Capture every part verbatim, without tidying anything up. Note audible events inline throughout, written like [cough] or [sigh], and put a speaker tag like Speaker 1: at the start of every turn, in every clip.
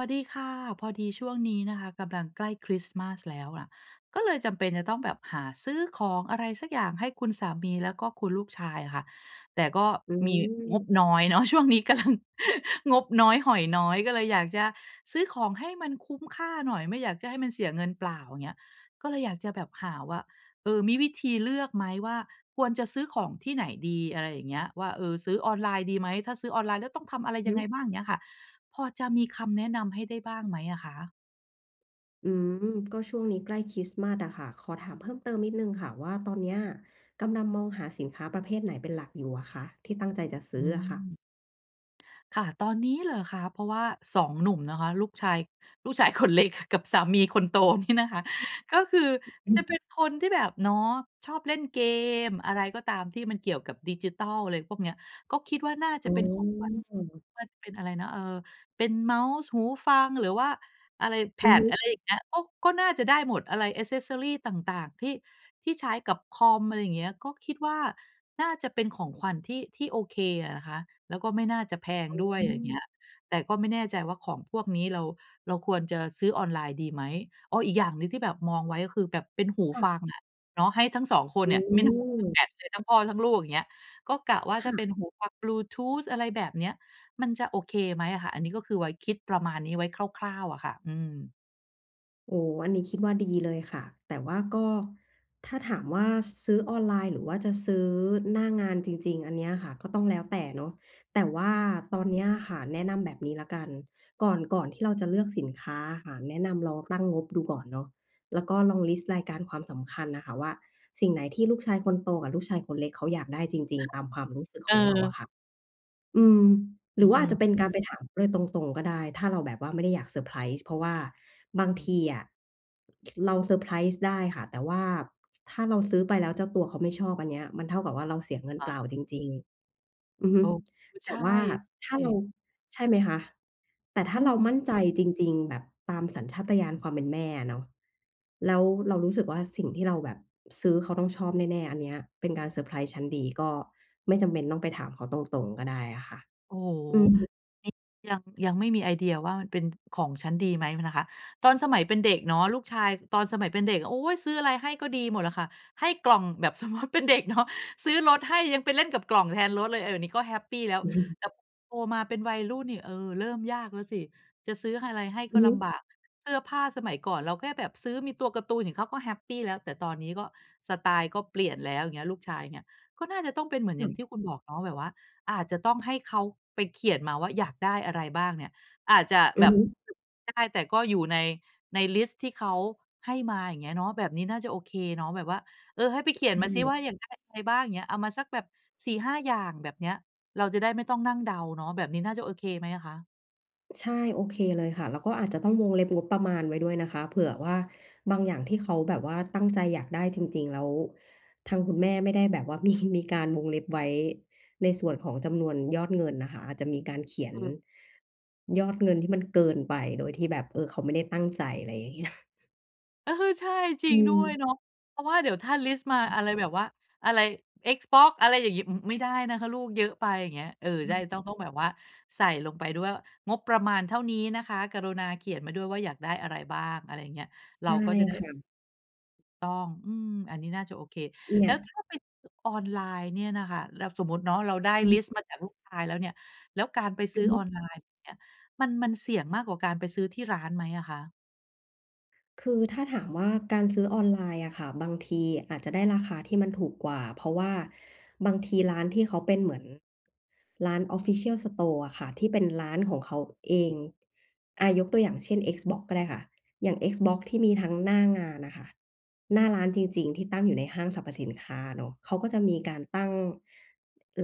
Speaker 1: สวัสดีค่ะ พอดีช่วงนี้นะคะ กำลังใกล้คริสต์มาสแล้วอะ ก็เลยจำเป็นจะต้องแบบหาซื้อของอะไรสักอย่างให้คุณสามี แล้วก็คุณลูกชายอะค่ะ แต่ก็
Speaker 2: อื
Speaker 1: มีง
Speaker 2: ม
Speaker 1: บน้อยเ
Speaker 2: ค
Speaker 1: น
Speaker 2: ่
Speaker 1: าะ
Speaker 2: ะ
Speaker 1: ช่วงนี้กำลัง [chuckles] งบน้อย หอยน้อย ก็เลยอยากจะซื้อของให้มันคุ้มค่าหน่อย ไม่อยากจะให้มันเสียเงินเปล่า อย่างเงี้ย ก็เลยอยากจะแบบหาว่า เออ มีวิธีเลือกไหมว่าควรจะซื้อของที่ไหนดี อะไรอย่างเงี้ย ว่า เออ ซื้อออนไลน์ดีไหม ถ้าซื้อออนไลน์แล้วต้องทำอะไร
Speaker 2: อือ
Speaker 1: ยังไง
Speaker 2: ฮึ
Speaker 1: บ้าง เงี้ยค่ะ พอจะมีคำแนะนำ ให้ได้บ้างไหมอะคะ?
Speaker 2: อืม ก็ช่วงนี้ใกล้คริสต์มาสอะค่ะ ขอถามเพิ่มเติมนิดหนึ่งค่ะว่าตอนเนี้ยกำลังมองหาสินค้าประเภทไหนเป็นหลักอยู่อะคะ ที่ตั้งใจจะซ
Speaker 1: อื
Speaker 2: ื้ออะค่ะ?
Speaker 1: ม ค่ะ ตอนนี้เหรอคะ เพราะว่า สอง หนุ่มนะคะ ลูกชาย ลูกชาย คนเล็ก กับสามีคนโตนี่นะคะก็คือ
Speaker 2: อื
Speaker 1: จะ
Speaker 2: ม
Speaker 1: เป็นคนที่แบบเนาะ ชอบเล่นเกมอะไรก็ตาม ที่มันเกี่ยวกับดิจิทัล อะไรพวกเนี้ย ก็คิดว่าน่าจะ
Speaker 2: อ๋อ
Speaker 1: เป็น ของขวัญ มันจะเป็นอะไรนะ เออ เป็นเมาส์ หูฟัง หรือว่าอะไร
Speaker 2: อือ
Speaker 1: pad
Speaker 2: ฮึ
Speaker 1: อะไรอย่างเงี้ย ก็ ก็น่าจะได้หมด อะไร แอกเซสซอรี ต่าง ๆ ที่ ที่ใช้กับคอม อะไรอย่างเงี้ย ก็คิดว่าน่าจะเป็นของขวัญที่ ที่โอเคอะนะคะ แล้วก็ไม่น่าจะแพง
Speaker 2: อ๋
Speaker 1: ด้วย อะไรอย่างเง
Speaker 2: อ
Speaker 1: ี้ย แต่ก็ไม่แน่ใจว่าของพวกนี้เรา เราควรจะซื้อออนไลน์ดีไหม อ้อ อีกอย่างหนึ่ง ที่แบบมองไว้ ก็คือแบบเป็นหู
Speaker 2: ค่
Speaker 1: ฟ
Speaker 2: ะ
Speaker 1: ังอะ เนาะ ให้ทั้ง สอง คน
Speaker 2: อื
Speaker 1: เนี่ย ไม่ [unintelligible]
Speaker 2: ม
Speaker 1: แบบซื้อทั้งพ่อทั้งลูก อย่างเงี้ย ก็กะว่าถ
Speaker 2: ค
Speaker 1: ้า
Speaker 2: ่ะ
Speaker 1: เป็นหูฟังบลูทูท อะไรแบบเนี้ย มันจะโอเคไหมอะคะ? อันนี้ก็คือไว้ คิดประมาณนี้ไว้คร่าว ๆ อะค่ะ อืม
Speaker 2: โอ้โฮ อันนี้คิดว่าดีเลยค่ะ แต่ว่าก็ ถ้าถามว่า ซื้อออนไลน์หรือจะซื้อหน้างานจริง ๆ อันเนี้ยอะค่ะก็ต้องแล้วแต่เนาะ แต่ว่าตอนนี้อะค่ะ แนะนำแบบนี้แล้วกัน ก่อน ก่อนที่เราจะเลือกสินค้าอะค่ะ แนะนำลองตั้งงบดูก่อนเนาะ แล้วก็ลองลิสต์รายการความสำคัญน่ะค่ะว่า สิ่งไหนที่ลูกชายคนโตกับลูกชายคนเล็กเขาอยากได้จริง ๆ ตามความรู้สึกของเราอ
Speaker 1: เออ
Speaker 2: ะค่ะ อืม ห
Speaker 1: อ
Speaker 2: รือว่าอ
Speaker 1: ื
Speaker 2: าจ
Speaker 1: อ
Speaker 2: จะ
Speaker 1: ๆ
Speaker 2: เป็นการไปถามเขาเลยตรง ๆ ก็ได้ ถ้าเราแบบว่าไม่ได้อยากเซอร์ไพรส์ เพราะว่าบาง
Speaker 1: อื
Speaker 2: ท
Speaker 1: อ
Speaker 2: ีอะ เราเซอร์ไพรส์ได้ค่ะ แต่ว่าถ้าเราซื้อไปแล้วเจ้าตัวเขาไม่ชอบ อันเนี้ยมันเท่ากับว่าเราเสียเงิน
Speaker 1: ค
Speaker 2: เ
Speaker 1: ่
Speaker 2: ป
Speaker 1: ะ
Speaker 2: ล่าจริง ๆ อือฮ
Speaker 1: เ
Speaker 2: ึ
Speaker 1: ออ ค
Speaker 2: แ
Speaker 1: ใ
Speaker 2: ต
Speaker 1: ช
Speaker 2: ่
Speaker 1: ่
Speaker 2: ว่าถ้าเรา
Speaker 1: [unintelligible]
Speaker 2: ใช่ไหมคะ แต่ถ้
Speaker 1: อ
Speaker 2: า
Speaker 1: ื
Speaker 2: เร
Speaker 1: ม
Speaker 2: ามั่นใจจริง ๆ แบบตามสัญชาตญาณความเป็นแม่อะเนาะ แล้วเรารู้สึกว่า สิ่งที่เราแบบซื้อเขาต้องชอบแน่ ๆ อันเนี้ยเป็นการเซอร์ไพรส์ชั้นดี ก็ไม่จำเป็นต้องไปถามเขาตรง ๆ ก็ได้อะค่ะ
Speaker 1: โอ้โฮ
Speaker 2: อืม
Speaker 1: ยัง ยัง ยังไม่มีไอเดียว่าเป็นของฉันดีไหมนะคะ ตอนสมัยเป็นเด็กเนาะ ลูกชาย ตอนสมัยเป็นเด็กอะ โอ๊ย! ซื้ออะไรให้ก็ดีหมดอะค่ะ ให้กล่องแบบ สมมุติเป็นเด็กเนาะ ซื้อรถให้ยังไปเล่นกับกล่องแทนรถเลย เออ นี้ก็แฮปปีแล้ว
Speaker 2: อือ
Speaker 1: แต่โตมาเป็นวัยรุ่นนี่ เออ เริ่มยากแล้วสิ จะซื้ออะไรให้
Speaker 2: อ
Speaker 1: ก
Speaker 2: ื
Speaker 1: ็
Speaker 2: อฮ
Speaker 1: ล
Speaker 2: ึ
Speaker 1: ำบาก เสื้อผ้าสมัยก่อนเราแค่แบบซื้อมีตัวการ์ตูนนี่ เขาก็แฮปปีแล้ว แต่ตอนนี้ก็สไตล์ก็เปลี่ยนแล้ว เงี้ย ลูกชายเนี่ย ก็น่าจะต้องเป็นเหมือน
Speaker 2: อ
Speaker 1: อย่าง
Speaker 2: ืม
Speaker 1: ที่คุณบอกเนาะ แบบว่าอาจจะต้องให้เขาไปเขียนมาว่าอยากได้อะไรบ้างเนี่ย อาจจะ
Speaker 2: อ
Speaker 1: แ
Speaker 2: ื
Speaker 1: บ
Speaker 2: อ
Speaker 1: บ
Speaker 2: ฮึ
Speaker 1: ด ได้ แต่ก็อยู่ใน ในลิสต์ที่เขาให้มา อย่างเงี้ยเนาะ แบบนี้น่าจะโอเคเนาะ แบบว่า เออ ให้ไปเข
Speaker 2: ใ
Speaker 1: ีย
Speaker 2: ช
Speaker 1: นมาสิว่า
Speaker 2: ่
Speaker 1: อยากได้อะไรบ้าง อย่างเงี้ย เอามาสักแบบ สี่ห้า อย่าง แบบเนี้ย เราจะได้ไม่ต้องนั่งเดาเนาะ แบบนี้น่าจะโอเคไหมอะคะ?
Speaker 2: ใช่ โอเคเลยค่ะ แล้วก็อาจจะต้องวงเล็บงบประมาณไว้ด้วยนะคะ เผื่อว่าบางอย่างที่เขาแบบว่าตั้งใจอยากได้จริง ๆ แล้วทางคุณแม่ไม่ได้แบบว่า มี มีการวงเล็บไว้ในส่วนของจำนวนยอดเงินน่ะค่ะ อาจจะมีการเขียน
Speaker 1: อืม
Speaker 2: ยอดเงินที่มันเกินไปโดยที่แบบ เออ เขาไม่ได้ตั้งใจ อะไรอย่างเงี้ย
Speaker 1: เออ ใช่ จร
Speaker 2: อ
Speaker 1: ิ
Speaker 2: ื
Speaker 1: ง ด้วย
Speaker 2: ม
Speaker 1: เนาะ เพราะว่าเดี๋ยวถ้าลิสต์มาอะไรแบบว่า อะไร Xbox อะไรอย่างงี้ อ อ ไม่ได้นะคะลูก เยอะไป อย่างเงี้ย เออ
Speaker 2: อ
Speaker 1: ใ
Speaker 2: ื
Speaker 1: ช่
Speaker 2: ม
Speaker 1: ต้อง ต้องแบบว่าใส่ลงไปด้วย งบประมาณเท่านี้นะคะ กรุณาเขียนมาด้วยว่าอยากได้อะไรบ้าง อะไรอย่างเงี้ย เร
Speaker 2: ใช
Speaker 1: า
Speaker 2: ่
Speaker 1: ก็จะได้
Speaker 2: ค
Speaker 1: เ
Speaker 2: ่
Speaker 1: ออ
Speaker 2: ะ
Speaker 1: ต้อง อืม อันนี้น่าจะโอเค
Speaker 2: เนี
Speaker 1: แ
Speaker 2: ่
Speaker 1: ล้
Speaker 2: ย
Speaker 1: วถ้าไปซื้อออนไลน์เนี่ยน่ะค่ะ แล้ว สมมุติเนาะเราได้
Speaker 2: อื้อ
Speaker 1: ล
Speaker 2: ฮ
Speaker 1: ิ
Speaker 2: ึ
Speaker 1: สต์มาจากลูกชายแล้วเนี่ย แล้วการไป
Speaker 2: อ
Speaker 1: ซื
Speaker 2: ื
Speaker 1: ้อ
Speaker 2: อฮ
Speaker 1: อ
Speaker 2: ึ
Speaker 1: อนไลน์เนี่ยมัน มันเสี่ยงมากกว่าการไปซื้อที่ร้านไหมอะคะ?
Speaker 2: คือถ้าถามว่า การซื้อออนไลน์อะค่ะ บางทีอาจจะได้ราคาที่มันถูกกว่า เพราะว่าบางทีร้านที่เขาเป็นเหมือนร้าน official store อะค่ะ ที่เป็นร้านของเขาเอง อา ยกตัวอย่างเช่น Xbox ก็ได้ค่ะ อย่าง Xbox ที่มีทั้งหน้างานอะค่ะ หน้าร้านจริง ๆ ที่ตั้งอยู่ในห้างสรรพสินค้าเนาะ เขาก็จะมีการตั้ง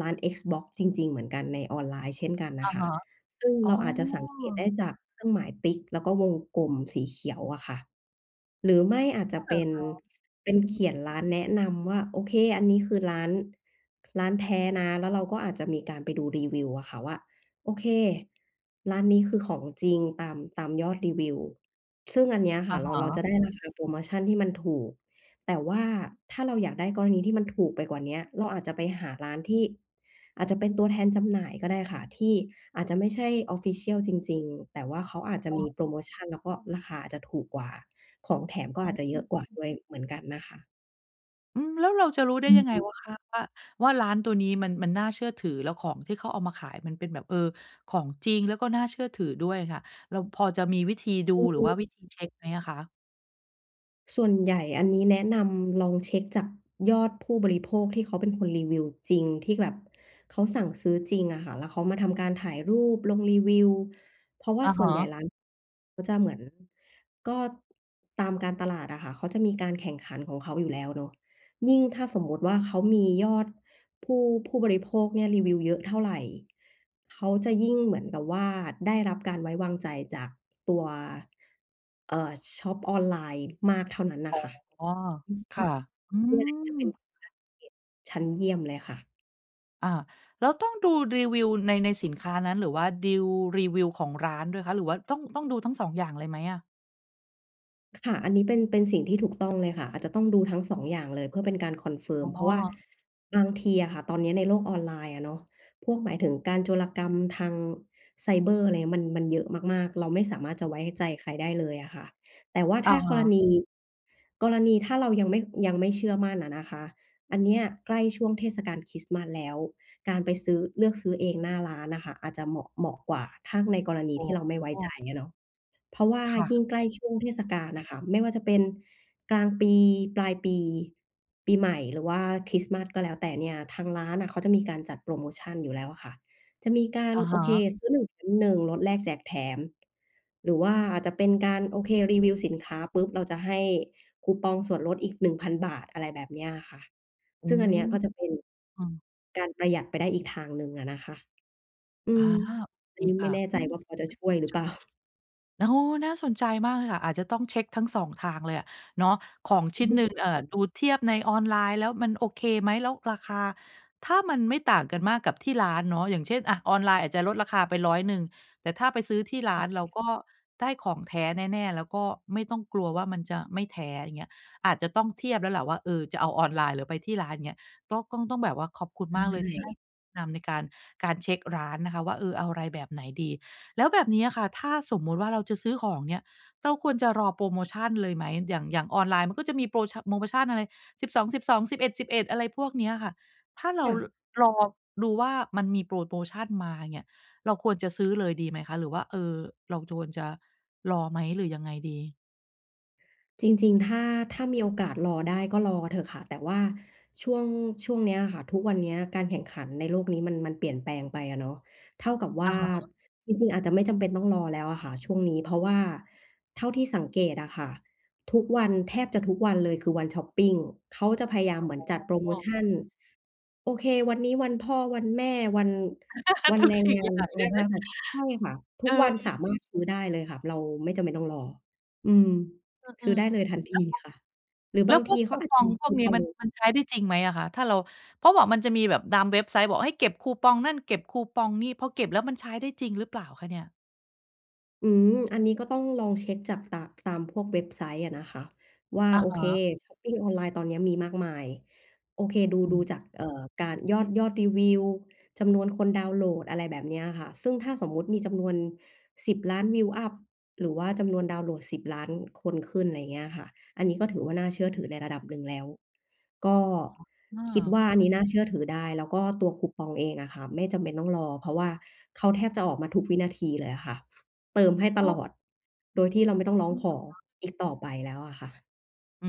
Speaker 2: ร้าน Xbox จริง ๆ เหมือนกันในออนไลน์เช่นกัน
Speaker 1: อ
Speaker 2: น่
Speaker 1: ะ
Speaker 2: ะค
Speaker 1: ฮ
Speaker 2: ่ะ
Speaker 1: ะ
Speaker 2: ซึ่ง
Speaker 1: อ๋
Speaker 2: เ
Speaker 1: อ
Speaker 2: ราอาจจะสังเกตได้จากเครื่องหมายติ๊กแล้วก็วงกลมสีเขียวอะค่ะ หรือไม่อาจจ
Speaker 1: อ้
Speaker 2: ะ
Speaker 1: อเหร
Speaker 2: เป
Speaker 1: อ
Speaker 2: ็น
Speaker 1: คะ?
Speaker 2: เป็
Speaker 1: อ
Speaker 2: น
Speaker 1: ื
Speaker 2: เข
Speaker 1: ม
Speaker 2: ียนร้านแนะนำว่า โอเค อันนี้คือร้าน ร้านแท้นะ แล้วเราก็อาจจะมีการไปดูรีวิวอะค่ะว่า โอเค ร้านนี้คือของจริงตาม ตามยอดรีวิว ซึ่งอันเนี้ยค
Speaker 1: อ
Speaker 2: ่
Speaker 1: ะ
Speaker 2: ะเ
Speaker 1: ฮ
Speaker 2: รา เรา
Speaker 1: ะ
Speaker 2: จะได้ ราคาโพรโมชันที่มันถูก แต่ว่าถ้าเราอยากได้กรณีที่มันถูกไปกว่าเนี้ย เราอาจจะไปหาร้านที่ อาจจะเป็นตัวแทนจำหน่ายก็ได้ค่ะ ที่อาจจะไม่ใช่ official จริง ๆ แต่ว่าเขาอาจจะมีโพ
Speaker 1: เออ
Speaker 2: รโมชัน แล้วก็ราคาอาจจะถูกกว่า ของแถมก็
Speaker 1: อ๋
Speaker 2: อาจจะเยอะกว่า
Speaker 1: อ
Speaker 2: ด้วยเหมือนกันน่ะค่ะ
Speaker 1: อืม แล้วเราจะรู้ได้
Speaker 2: อ
Speaker 1: ยังไง
Speaker 2: ืม
Speaker 1: ว่า คะว่า ว่าร้านตัวนี้มัน มันน่าเชื่อถือ แล้วของที่เขาเอามาขายมันเป็นแบบ เออ ของจริงแล้วก็น่าเชื่อถือด้วยค่ะ เราพอจะมีวิธีดู
Speaker 2: ค
Speaker 1: หรือว่า
Speaker 2: ือ
Speaker 1: วิธีเช็คไหมอะคะ?
Speaker 2: ส่วนใหญ่อันนี้แนะนำลองเช็คจากยอดผู้บริโภค ที่เขาเป็นคนรีวิวจริง ที่แบบเขาสั่งซื้อจริงอะค่ะว่า เขามาทำการถ่ายรูปลงรีวิว เพราะว่
Speaker 1: อ
Speaker 2: า
Speaker 1: ะ
Speaker 2: ส
Speaker 1: ฮ
Speaker 2: ่วนใหญ่
Speaker 1: ะ
Speaker 2: ร้านเขาจะเหมือน ก็ตามการตลาดอะค่ะ เขาจะมีการแข่งขันของเขาอยู่แล้วเนาะ ยิ่งถ้าสมมุติว่า เขามียอดผู้ ผู้บริโภคเนี่ย รีวิวเยอะเท่าไร เขาจะยิ่งเหมือนกับว่า ได้รับการไว้วางใจจากตัว เอ่อ ชอปออนไลน์มากเท่านั้นน
Speaker 1: อ
Speaker 2: ่ะ
Speaker 1: ๋อ
Speaker 2: ค่ะ
Speaker 1: ค่ะ อื
Speaker 2: อือฮึ เนี่ยจะเป็น
Speaker 1: ม
Speaker 2: การเก็บชั้นเยี่ยมเลยค่ะ
Speaker 1: อา แล้วต้องดูรีวิวใน ในสินค้านั้น หรือว่าดีลรีวิวของร้านด้วยคะ หรือว่าต้อง ต้องดูทั้ง สอง อย่างเลยไหมอะ?
Speaker 2: ค่ะ อันนี้เป็น เป็นสิ่งที่ถูกต้องเลยค่ะ อาจจะต้องดูทั้ง สอง อย่างเลย เพื่อเป็นการ
Speaker 1: อ๋
Speaker 2: confirm เพราะว่า
Speaker 1: อ
Speaker 2: บางทีอะค่ะ ตอนเนี้ยในโลกออนไลน์อะเนาะ พวกหมายถึงการโจรกรรมทางไซเบอร์ อะไรเงี้ย มัน มันเยอะมาก ๆ เราไม่สามารถจะไว้ใจใครได้เลยอะค่ะ แต่ว่า
Speaker 1: อ
Speaker 2: ถ
Speaker 1: ะ
Speaker 2: ้า
Speaker 1: ฮ
Speaker 2: กร
Speaker 1: ะ
Speaker 2: ณี กรณีถ้าเรายังไม่ ยังไม่เชื่อมั่นอะนะคะ อันเนี้ยใกล้ช่วงเทศกาลคริสต์มาสแล้ว การไปซื้อ เลือกซื้อเองหน้าร้านอะค่ะ อาจจะเหมาะ เหมาะกว่า ถ้าในกรณี
Speaker 1: อ๋
Speaker 2: ที่เราไม่ไว้ใจ
Speaker 1: อ
Speaker 2: อะเนาะ เพราะว่า
Speaker 1: ค่ะ
Speaker 2: ยิ่งใกล้ช่วงเ
Speaker 1: ๆ
Speaker 2: ทศกาลน่ะค่ะ ไม่ว่าจะเป็นกลางปี ปลายปี ปีใหม่ หรือว่าคริสต์มาสก็แล้วแต่เนี่ย ทางร้านน่ะเขาจะมีการจัดโพรโมชันอยู่แล้วอะค่ะ จะมีกา
Speaker 1: อ
Speaker 2: ร
Speaker 1: ะ
Speaker 2: โ
Speaker 1: ฮ
Speaker 2: อเค
Speaker 1: ะ
Speaker 2: ซื้อหนึ่งแถมหนึ่ง ลดแลกแจกแถม หรือว่าอาจจะเป็นการ โอเค รีวิวสินค้าปุ๊บ เราจะให้คูปองส่วนลดอีก หนึ่งพัน บาท อะไรแบบเนี้ยอะค่ะ
Speaker 1: อื
Speaker 2: ซึ่งอันเนี้ย
Speaker 1: ม
Speaker 2: ก็จะเป็น
Speaker 1: อืม
Speaker 2: การประหยัดไปได้อีกทางหนึ่งอะนะคะ อื
Speaker 1: อ
Speaker 2: ม
Speaker 1: า โอเ
Speaker 2: อ
Speaker 1: ค
Speaker 2: ันนี้
Speaker 1: ค
Speaker 2: ไม่
Speaker 1: ่ะ
Speaker 2: แน่
Speaker 1: อ
Speaker 2: ใจ
Speaker 1: ืม
Speaker 2: ว่าพอจะช่วยหรือ เปล่า?
Speaker 1: [unintelligible] โอ้โฮ น่าสนใจมากเลยค่ะ อาจจะต้องเช็คทั้ง สอง ทางเลยอะเนาะ ของช
Speaker 2: อื
Speaker 1: ิ้
Speaker 2: อ
Speaker 1: น
Speaker 2: ฮ
Speaker 1: หน
Speaker 2: ึ
Speaker 1: ึ่ง เอ่อ ดูเทียบในออนไลน์แล้ว มันโอเคไหม? แล้วราคาถ้ามันไม่ต่างกันมากกับที่ร้านเนาะ อย่างเช่น อะ ออนไลน์อาจจะลดราคาไป ร้อยหนึ่ง แต่ถ้าไปซื้อที่ร้
Speaker 2: อ
Speaker 1: า
Speaker 2: ื
Speaker 1: น
Speaker 2: อ
Speaker 1: เ
Speaker 2: ๆ
Speaker 1: ราก็ได้ของแท้แน่ ๆ แล้วก็ไม่ต้องกลัวว่ามันจะไม่แท้ อย่างเงี้ย อาจจะต้องเทียบแล้วแหละว่า เออ จะเอาออนไลน์หรือไปที่ร้าน อย่างเงี้ย ก็ต้อง ต้องแบบว่า ขอบคุณ
Speaker 2: ใ
Speaker 1: มากเลยที่ให้
Speaker 2: ช่
Speaker 1: แนะนำในการ การเช็คร้านนะคะว่า เออ เอาอะไรแบบไหนดี แล้วแบบเนี้ยอะค่ะ ถ้าสมมุติว่าเราจะซื้อของ เงี้ย เราควรจะรอโพรโมชันเลยไหม? อย่าง อย่างออนไลน์มันก็จะมีโพรชะ โพรโมชันอะไร สิบสองสิบสอง สิบเอ็ดสิบเอ็ด อะไรพวกเนี้ยค่ะ ถ้าเร
Speaker 2: ค
Speaker 1: า
Speaker 2: ่ะ
Speaker 1: รอดูว่า มันมีโพรโมชันมาเนี่ย เราควรจะซื้อเลยดีไหมคะ หรือว่า เออ เราควรจะรอไหมหรือยังไงดี?
Speaker 2: จริง ๆ ถ้า ถ้ามีโอกาสรอได้ก็รอเถอะค่ะ แต่ว่าช่วง ช่วงนี้อะค่ะ ทุกวันนี้การแข่งขันในโลกนี้มัน มันเปลี่ยนแปลงไปอะเนาะ เท่ากับว
Speaker 1: อ
Speaker 2: ่
Speaker 1: ะ
Speaker 2: า
Speaker 1: ฮะ
Speaker 2: จริง ๆ อาจจะไม่จำเป็นต้องรอแล้วอะค่ะช่วงนี้ เพราะว่า เท่าที่สังเกตอะค่ะ ทุกวัน แทบจะทุกวันเลยคือวันช็อปปิง เขาจะพยายาม
Speaker 1: อ
Speaker 2: เหมือนจัดโพรโม
Speaker 1: ๋อ
Speaker 2: ชัน โอเค วันนี้วันพ่อ วันแม่ วัน ว
Speaker 1: [laughs]
Speaker 2: ัน
Speaker 1: ทุ
Speaker 2: แ
Speaker 1: ก
Speaker 2: รง
Speaker 1: สิ่
Speaker 2: ง
Speaker 1: ง
Speaker 2: า
Speaker 1: อย่
Speaker 2: น
Speaker 1: าง
Speaker 2: อะ
Speaker 1: ไ
Speaker 2: ไ
Speaker 1: ด
Speaker 2: ร
Speaker 1: ้
Speaker 2: ก
Speaker 1: ไ
Speaker 2: ็
Speaker 1: หม?
Speaker 2: แล้วแต่ ใช่ค่ะ ท
Speaker 1: เ
Speaker 2: ุ
Speaker 1: อ
Speaker 2: ก
Speaker 1: อ
Speaker 2: วัน สามารถซื้อได้เลยค่ะ เราไม่จำเป็นต้องรอ อืม
Speaker 1: อ อื
Speaker 2: ซื้อ
Speaker 1: อ
Speaker 2: ได้เลยทันทีค่ะ หรือ
Speaker 1: แล
Speaker 2: บ
Speaker 1: ้
Speaker 2: า
Speaker 1: ว
Speaker 2: ง
Speaker 1: พ
Speaker 2: ท
Speaker 1: วก
Speaker 2: ี
Speaker 1: แ
Speaker 2: เข
Speaker 1: ล้วพ
Speaker 2: า
Speaker 1: วกค
Speaker 2: อา
Speaker 1: ู
Speaker 2: จ
Speaker 1: ป
Speaker 2: จ
Speaker 1: อ
Speaker 2: ะ
Speaker 1: ง
Speaker 2: มี
Speaker 1: พ
Speaker 2: ค
Speaker 1: วก
Speaker 2: ู
Speaker 1: นี้
Speaker 2: ปอ
Speaker 1: มัน
Speaker 2: ง
Speaker 1: มันใช้ได้จริงไหมอะคะ? ถ้าเรา เพราะบอก มันจะมีแบบตามเว็บไซต์บอกให้เก็บคูปองนั่น เก็บคูปองนี่ พอเก็บแล้วมันใช้ได้จริงหรือเปล่าคะเนี่ย?
Speaker 2: อืม อันนี้ก็ต้องลองเช็กจาก ต ตามพวกเว็บไซต์อะนะคะ ว่า
Speaker 1: อะ
Speaker 2: โอ
Speaker 1: ฮ
Speaker 2: เค
Speaker 1: ะ
Speaker 2: ช็อปปิงออนไลน์ตอนนี้มีมากมาย โอเค ดู
Speaker 1: อ
Speaker 2: ดู
Speaker 1: ืม
Speaker 2: จาก เอ่อ การ ยอด ยอดรีวิว จำนวนคนดาวน์โหลด อะไรแบบนี้อะค่ะ ซึ่งถ้าสมมุติมีจำนวน สิบล้าน วิวอัป หรือว่าจำนวนดาวน์โหลด สิบล้าน ล้านคนขึ้น อะไรอย่างเงี้ยค่ะ อันนี้ก็ถือว่าน่าเชื่อถือในระดับหนึ่งแล้ว ก็
Speaker 1: อ อ้
Speaker 2: คิด
Speaker 1: อ
Speaker 2: ว่าอันนี้น่าเชื่อถือได้ แล้วก็ตัวคูปองเองอะค่ะไม่จำเป็นต้องรอ เพราะว่าเขาแทบจะออกมาทุกวินาทีเลยอะค่ะ เติมให้ต
Speaker 1: อ้า
Speaker 2: ล
Speaker 1: ว
Speaker 2: อดโดยที่เราไม่ต้องร้
Speaker 1: จ
Speaker 2: อ
Speaker 1: ร
Speaker 2: ง
Speaker 1: ิง
Speaker 2: ข
Speaker 1: เหร
Speaker 2: อ
Speaker 1: อคะ?
Speaker 2: อีกต่อไปแล้วอะค่ะ
Speaker 1: อื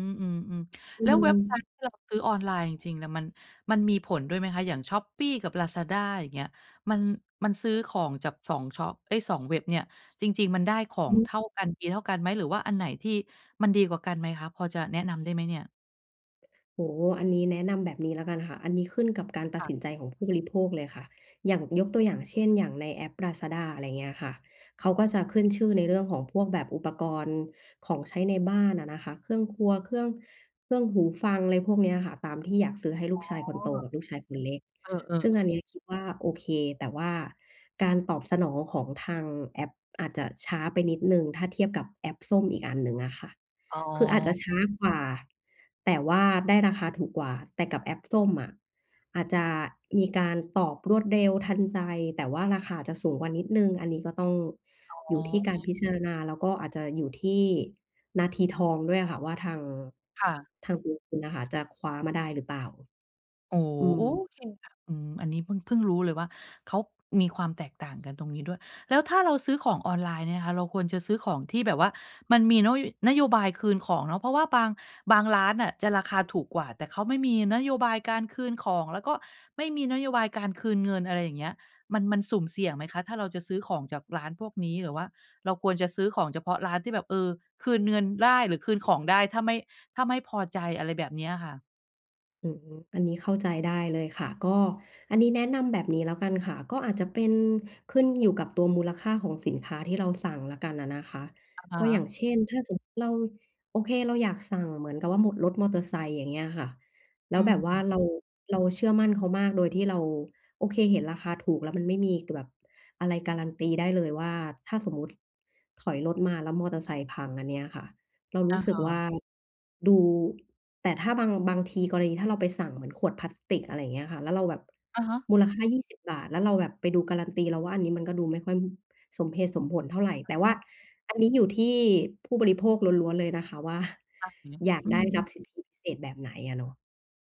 Speaker 1: ม อืม
Speaker 2: อ
Speaker 1: ๆ
Speaker 2: ื
Speaker 1: แล้วเว็บไซ
Speaker 2: ม
Speaker 1: ต์ที่เราซื้อออนไลน์จริง ๆ เนี่ย มัน มันมีผลด้วยไหมคะ? อย่างช้อปปี้กับลาซาด้า อย่างเงี้ย มัน มันซื้อของจาก สอง ชอบ เอ๊ย สอง เว็บเนี่ย จริง ๆ มันได้ขอ
Speaker 2: อื
Speaker 1: ง
Speaker 2: อฮ
Speaker 1: เท
Speaker 2: ึ
Speaker 1: ่ากัน ดีเท่ากันไหม? หรือว่าอันไหนที่มันดีกว่ากันไหมคะ? พอจะแนะนำได้ไหมเนี่ย?
Speaker 2: โอ้โฮ อันนี้แนะนำแบบนี้แล้วกันค่ะ อันนี้ขึ้นกับการตั
Speaker 1: ค
Speaker 2: ด
Speaker 1: ่ะ
Speaker 2: สินใจของผู้บริโภคเลยค่ะ อย่าง ยกตัวอย่างเช่น อย่างในแอปลาซาด้า อะไรอย่างเงี้ยค่ะ เขาก็จะขึ้นชื่อในเรื่องของพวกแบบอุปกรณ์ของใช้ในบ้านอะนะคะ เครื่องครัว เครื่อง เครื่องหูฟัง อะไรพวกนี้อะค่ะ ตามที่อยากซื้อให้ลู
Speaker 1: อ๋อ
Speaker 2: กชายคนโตกับลูกชายคนเล็ก
Speaker 1: เออ
Speaker 2: ซึ่งอั
Speaker 1: ๆ
Speaker 2: น
Speaker 1: ๆ
Speaker 2: นี้คิดว่าโอเค แต่ว่าการตอบสนองของทางแอปอาจจะช้าไปนิดหนึ่ง ถ้าเทียบกับแอปส้มอีกอันหนึ่งอะค่ะ
Speaker 1: อ๋อ
Speaker 2: คืออาจจะช้ากว่า แต่ว่าได้ราคาถูกกว่า แต่กับแอปส้มอะ อาจจะมีการตอบรวดเร็วทันใจ แต่ว่าราคาอาจจะสูงกว่านิดหนึ่ง อันนี้ก็ต้อง
Speaker 1: อ
Speaker 2: อยู
Speaker 1: ๋
Speaker 2: ่ที่กา
Speaker 1: อ
Speaker 2: รพิจารณา แล้วก็อาจจะอยู่ที่นาทีทองด้วยอะค่ะ ว่าทาง
Speaker 1: ค่ะ
Speaker 2: ทางตัวคุณอะค่ะจะคว้ามาได้หรือเปล่า
Speaker 1: โอ้โฮ
Speaker 2: อื
Speaker 1: โอ้ โ
Speaker 2: ม
Speaker 1: อเคค่ะ อืม อันนี้พึ่ง พึ่งรู้เลยว่า เขามีความแตกต่างกันตรงนี้ด้วย แล้วถ้าเราซื้อของออนไลน์เนี่ยนะคะ เราควรจะซื้อของที่แบบว่ามันมีโน้ย นโยบายคืนของเนาะ เพราะว่าบาง บางร้านน่ะ จะราคาถูกกว่า แต่เขาไม่มีนโยบายการคืนของ แล้วก็ไม่มีนโยบายการคืนเงิน อะไรอย่างเงี้ย มัน มันสุ่มเสี่ยงไหมคะ? ถ้าเราจะซื้อของจากร้านพวกนี้ หรือว่าเราควรจะซื้อของเฉพาะร้านที่แบบ เออ คืนเงินได้หรือคืนของได้ถ้าไม่ ถ้าไม่พอใจ อะไรแบบเนี้ยค่ะ
Speaker 2: อืม อันนี้เข้าใจได้เลยค่ะ ก็ อันนี้แนะนำแบบนี้แล้วกันค่ะ ก็อาจจะเป็นขึ้นอยู่กับตัวมูลค่าของสินค้าที่เราสั่งแล้วกันอะนะคะ
Speaker 1: อะฮ
Speaker 2: ก็อย
Speaker 1: ะ
Speaker 2: ่างเช่น ถ้าสมมติเรา โอเคเราอยากสั่งเหมือนกับว่าหมด รถมอเตอร์ไซค์ อย่างเงี้ยอะค่ะ แล
Speaker 1: อ
Speaker 2: ้
Speaker 1: ื
Speaker 2: วแบ
Speaker 1: ม
Speaker 2: บว่าเรา เราเชื่อมั่นเขามากโดยที่เรา โอเคเห็นราคาถูก แล้วมันไม่มี ก แบบอะไรการันตีได้เลยว่า ถ้าสมมุติถอยรถมาแล้วมอเตอร์ไซค์พัง อันเนี้ยค่ะ เราร
Speaker 1: อ
Speaker 2: ู
Speaker 1: ะ
Speaker 2: ้สึ
Speaker 1: ฮ
Speaker 2: กว่
Speaker 1: ะ
Speaker 2: าดู แต่ถ้าบาง บางที กรณีถ้าเราไปสั่งเหมือนขวดพลาสติก อะไรอย่างเงี้ยค่ะ แล้วเราแบบ
Speaker 1: อะฮะ
Speaker 2: มูลค่า ยี่สิบ บาท แล้วเราแบบไปดูการันตี เราว่าอันนี้มันก็ดูไม่ค่อยสมเหตุสมผลเท่าไร
Speaker 1: อ
Speaker 2: แต่
Speaker 1: ๋
Speaker 2: ว่า
Speaker 1: อ
Speaker 2: อันนี้อยู่ที่ผู้บริโภคล้วน ๆ เลยนะคะ ว่า
Speaker 1: อะ หืม
Speaker 2: อยาก
Speaker 1: อื
Speaker 2: ได้รับ
Speaker 1: ม ๆ
Speaker 2: สิทธิพิเศษแบบไหนอะเนาะ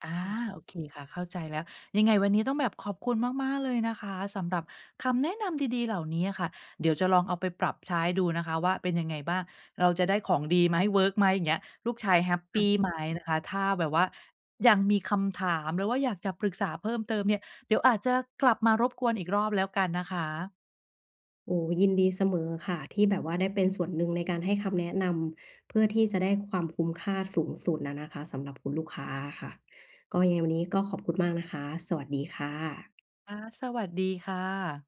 Speaker 1: อา
Speaker 2: ค่ะ
Speaker 1: โอเคค่ะ เข้าใจแล้ว ยังไงวันนี้ต้องแบบขอบคุณมาก ๆ เลยนะคะ สำหรับคำแนะนำดี ๆ เหล่านี้อะค่ะ เดี๋ยวจะลองเอาไปปรับใช้ดูนะคะว่าเป็นยังไงบ้าง เราจะได้ของดีไหม เวิร์กไหม อย่างเงี้ย ลูกชายแฮปป
Speaker 2: ค่ะ
Speaker 1: ีไหมนะคะ ถ้าแบบว่ายังมีคำถาม หรือว่าอยากจะปรึกษาเพิ่มเติมเนี่ย เดี๋ยวอาจจะกลับมารบกวนอีกรอบแล้วกันนะคะ
Speaker 2: โอ้โฮ ยินดีเสมอค่ะที่แบบว่าได้เป็นส่วนหนึ่งในการให้คำแนะนำ เพื่อที่จะได้ความคุ้มค่าสูงสุดอะนะคะ สำหรับคุณลูกค้าอะค่ะ ก็ยังไงวันนี้ก็ขอบคุณมากนะคะ สวัสดีค่ะ
Speaker 1: ค่ะ สวัสดีค่ะ